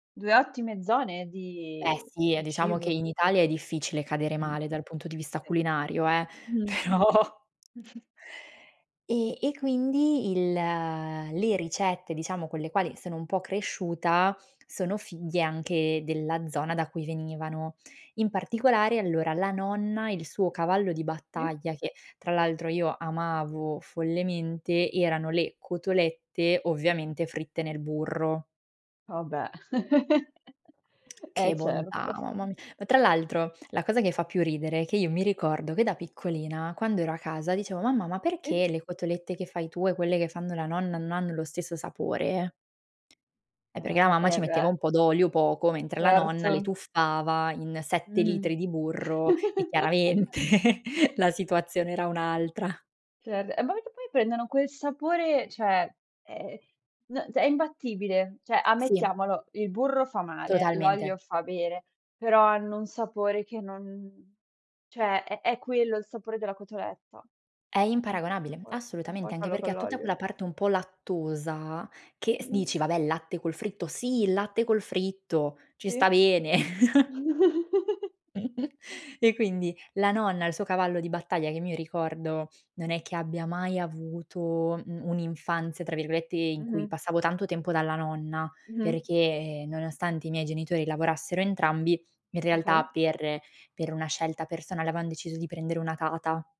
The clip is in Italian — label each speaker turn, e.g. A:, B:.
A: 2 ottime zone
B: Beh
A: di
B: sì, eh,
A: di
B: diciamo che
A: cibo.
B: in Italia è difficile cadere
A: Sì.
B: male dal punto di vista culinario eh,
A: Mh-mh.
B: però E e quindi il le ricette, diciamo con le quali sono un po' cresciuta, sono figlie anche della zona da cui venivano. In particolare, allora, la nonna, il suo cavallo di
A: Sì.
B: battaglia, che tra l'altro io amavo follemente, erano le cotolette ovviamente fritte nel burro.
A: Vabbè. Eh
B: Che bontà,
A: certo.
B: mamma mi ma, tra l'altro, la cosa che fa più ridere è che io mi ricordo che da piccolina, quando ero a casa dicevo: "Mamma, ma
A: Sì.
B: perché le cotolette che fai tu e quelle che fanno la nonna non hanno lo stesso sapore?" Eh, perché la
A: Eh,
B: mamma
A: eh
B: ci metteva
A: beh.
B: un po' d'olio, poco, mentre la nonna le
A: Certo.
B: tuffava in 7
A: Mh-mh.
B: litri di burro e chiaramente la situazione era un'altra.
A: Cer eh, ma perché poi prendono quel sapore, cioè, ehm, n è imbattibile, cioè,
B: Sì.
A: ammettiamolo, il burro fa male,
B: Totalmente.
A: l'olio fa bene, però hanno un sapore che non cioè, è è quello il sapore della cotoletta.
B: È
A: N
B: imparagonabile,
A: puoi non
B: assolutamente,
A: puoi
B: anche
A: farlo
B: perché
A: con
B: ha tutta
A: l'olio.
B: quella parte un po' lattosa, che s dici: "Vabbè il latte col fritto." "Sì, il latte col fritto!" Ci
A: Sì.
B: sta bene. E quindi la nonna, il suo cavallo di battaglia, che mi ricordo non è che abbia mai avuto, mhmm, "un'infanzia", tra virgolette, in cui
A: Mh-mh.
B: passavo tanto tempo dalla nonna,
A: Mh-mh.
B: perché nonostante i miei genitori lavorassero entrambi, in realtà
A: Okay.
B: per per una scelta personale avevan deciso di prendere una tata.